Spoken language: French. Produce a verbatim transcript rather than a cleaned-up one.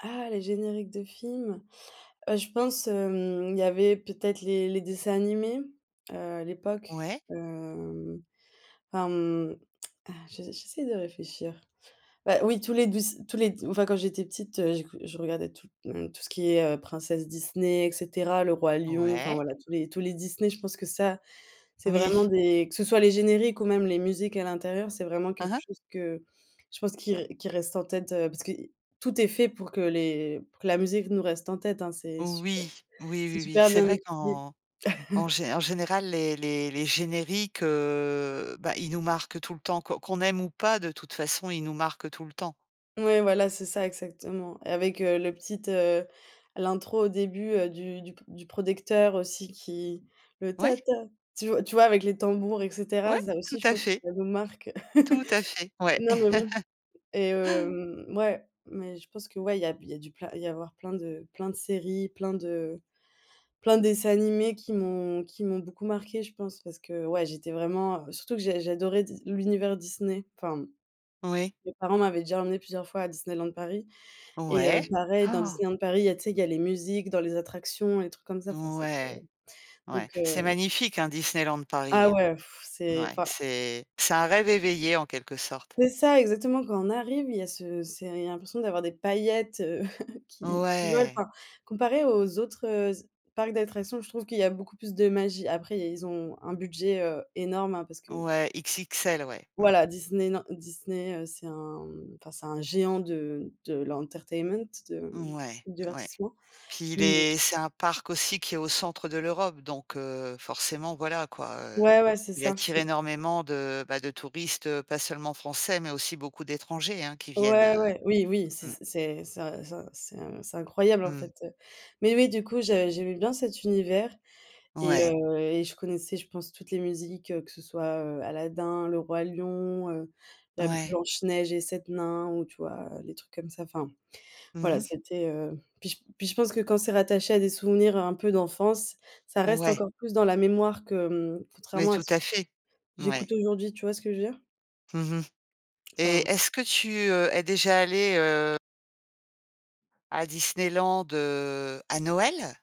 Ah, les génériques de films. Heu, je pense, hem, il y avait peut-être les les dessins animés, heu, à l'époque, Ouais. hem, ah, mmh, heu, je j'essaie de réfléchir. Bah oui, tous les douc tous les enfin quand j'étais petite, heu, j'écou je regardais tout, heu, tout ce qui est, heu, princesse Disney et cetera, le Roi Lion, enfin Ouais. voilà, tous les tous les Disney, je pense que ça, c'est vraiment Oui. des que ce soit les génériques ou même les musiques à l'intérieur, c'est vraiment Hein quelque hein. chose que je pense qui re qui reste en tête, heu, parce que i tout est fait pour que les pour que la musique nous reste en tête, hein. C'est supe Oui. Oui, c'est oui, oui, super c'est bien vrai étudié. qu'en en gé en général, les les les génériques, heu, bah, ils nous marquent tout le temps. Que qu'on aime ou pas, de toute façon, ils nous marquent tout le temps. Ouais, voilà, c'est ça, exactement avec, heu, le petite, heu, l'intro au début, heu, du du p du prodecteur aussi qui le Ouais. «ta ta», tu v tu vois? Avec les tambours et cetera. Ouais, Ça tout aussi, je à pense que fait. ça nous marque. Tout à fait, ouais. Non, non, non et hem, mouais, mais je pense que, ouais, il y a b il y a du plein il doit y avoir plein de plein de séries, plein de plein de dessins animés qui m'ont qui m'ont beaucoup marquée, je pense. Parce que, ouais, j'étais vraiment, heu, surtout que j'a j'adorais Dis l'univers Disney, enfin. Oui. Mes parents m'avaient déjà emmenée plusieurs fois à Disneyland Paris et heu, Ouais. pareil, dans Disneyland Paris, il y a tu sais, il y a les musiques dans les attractions, les trucs comme ça, enfin, c'était Ouais. donc, Ouais. C'est heu magnifique, hein, Disneyland Ah Paris, hein? ouais, c'est Ouais, enfin c'est c'est un rêve éveillé en quelque sorte. C'est ça exactement. Quand on arrive, il y a ce c'est l'impression d'avoir des paillettes qui qui volent. Ouais. Enfin, comparé aux autres, heu, z parcs d'attractions, je trouve qu'il y a beaucoup plus de magie. Après, ils ont un budget, heu, énorme, hein, parce que Ouais, XXL, ouais, mmh. voilà, Disneylan Disney, heu, c'est un, mmh, enfin, c'est un géant de de l'entertainment, de Ouais, du ouais. divertissement, Puis il mmh. est c'est un parc aussi qui est au centre de l'Europe. Donc heu, forcément, voilà quoi, heu, Ouais, ouais, c'est il ça. attire Mmh. énormément de, bah, de touristes, heu, pas seulement français, mais aussi beaucoup d'étrangers, hein, qui viennent, Ouais, heu, ouais. Oui, oui, c'est mmh. c'est c'est in c'est in c'est c'est incroyable, en Mmh. fait, heu, mais oui, du coup, j'ai j'aimais bien cet univers et Ouais. heu et je connaissais, je pense, toutes les musiques, que ce soit, heu, Aladin, Le Roi Lion, heu, la Ouais. Blanche Neige et 7 Nains ou, tu vois? Les trucs comme ça, enfin. Mmh Voilà, mh. c'était, heu, puis je puis je pense que quand c'est rattaché à des souvenirs un peu d'enfance, ça reste Ouais. encore plus dans la mémoire que, mmh, Mais contrairement à tout ce à fait. Mouais. j'écoute aujourd'hui, tu vois ce que je veux dire? Mmh mh et Enfin est-ce que tu, heu, es déjà allée, heu à Disneyland, heu, à Noël?